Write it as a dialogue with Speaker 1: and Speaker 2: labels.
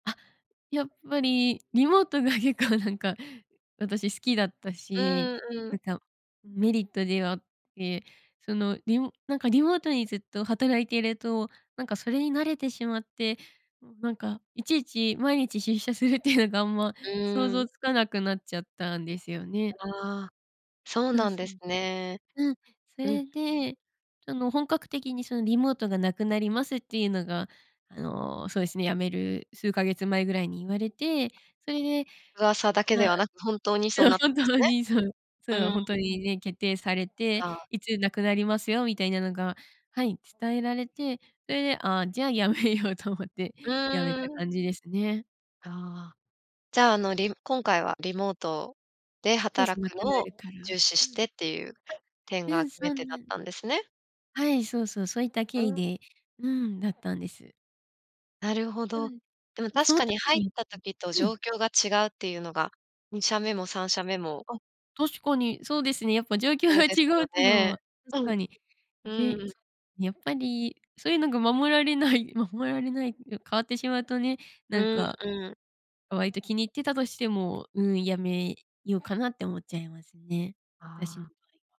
Speaker 1: あ、やっぱりリモートが結構なんか私好きだった
Speaker 2: う
Speaker 1: し、
Speaker 2: んう
Speaker 1: なん
Speaker 2: ん。
Speaker 1: かメリットではあって、その、リモなんかリモートにずっと働いていると、なんかそれに慣れてしまって、なんかいちいち毎日出社するっていうのがあんま
Speaker 2: う
Speaker 1: 想
Speaker 2: ー
Speaker 1: 像
Speaker 2: ん。
Speaker 1: つかなくなっちゃったんですよね。
Speaker 2: ああ、そう
Speaker 1: あ、
Speaker 2: なん
Speaker 1: そ
Speaker 2: です
Speaker 1: う。
Speaker 2: ね。
Speaker 1: うん、そ
Speaker 2: うん。
Speaker 1: れで、その本格的にそのリモートが無くなりますっていうのが、あの、そうですね、辞める数ヶ月前ぐらいに言われて、それで、
Speaker 2: 噂だけ
Speaker 1: ま
Speaker 2: で
Speaker 1: あ、
Speaker 2: はなく、本当に
Speaker 1: じ
Speaker 2: そう
Speaker 1: ゃあ
Speaker 2: なった
Speaker 1: 本
Speaker 2: んです
Speaker 1: 当に、そう
Speaker 2: ね。
Speaker 1: そう、
Speaker 2: うん。
Speaker 1: 本当にね、決定されて、
Speaker 2: が。
Speaker 1: いつ無くなりますよみたいなのが、はい、伝えられて、それで、ああ、じゃあ辞めようと思って
Speaker 2: う
Speaker 1: 辞め
Speaker 2: ー
Speaker 1: た
Speaker 2: ん。
Speaker 1: 感じですね。
Speaker 2: ああ、じゃあ、あのリ今回はリモートで
Speaker 1: そうそ
Speaker 2: 働
Speaker 1: う、無
Speaker 2: く
Speaker 1: くな
Speaker 2: のを
Speaker 1: るから。
Speaker 2: 重視
Speaker 1: う
Speaker 2: し
Speaker 1: ん。
Speaker 2: てっていう点
Speaker 1: う
Speaker 2: が
Speaker 1: ん、
Speaker 2: 決
Speaker 1: そ
Speaker 2: め
Speaker 1: う
Speaker 2: 手だ
Speaker 1: な
Speaker 2: っ
Speaker 1: ん
Speaker 2: たんですね？
Speaker 1: はい、そうそう、そういった
Speaker 2: う
Speaker 1: 経緯
Speaker 2: ん。
Speaker 1: でうん、だったんです。
Speaker 2: なるほ
Speaker 1: う
Speaker 2: ど、
Speaker 1: ん。
Speaker 2: でも
Speaker 1: ま、
Speaker 2: 確
Speaker 1: その
Speaker 2: か
Speaker 1: 時
Speaker 2: に入っ
Speaker 1: にん、
Speaker 2: た時と
Speaker 1: う
Speaker 2: 状
Speaker 1: ん。
Speaker 2: 況が違うっていうのが、2社目も3社目も
Speaker 1: あ、確かにそうですね。やっぱ状況
Speaker 2: そう
Speaker 1: が
Speaker 2: です
Speaker 1: 違う
Speaker 2: よ
Speaker 1: っていうの
Speaker 2: ね。
Speaker 1: は
Speaker 2: う
Speaker 1: 確か
Speaker 2: ん。
Speaker 1: に
Speaker 2: う
Speaker 1: ね、
Speaker 2: ん。
Speaker 1: やっぱりそういうのが守られない守られないん、変わってしまうとね、
Speaker 2: う
Speaker 1: なん
Speaker 2: ん
Speaker 1: か、
Speaker 2: うん。
Speaker 1: 割と気に入ってたとしても、うん、やめようかなって思っちゃいますね、
Speaker 2: あ
Speaker 1: 私の
Speaker 2: あ。
Speaker 1: 場合は。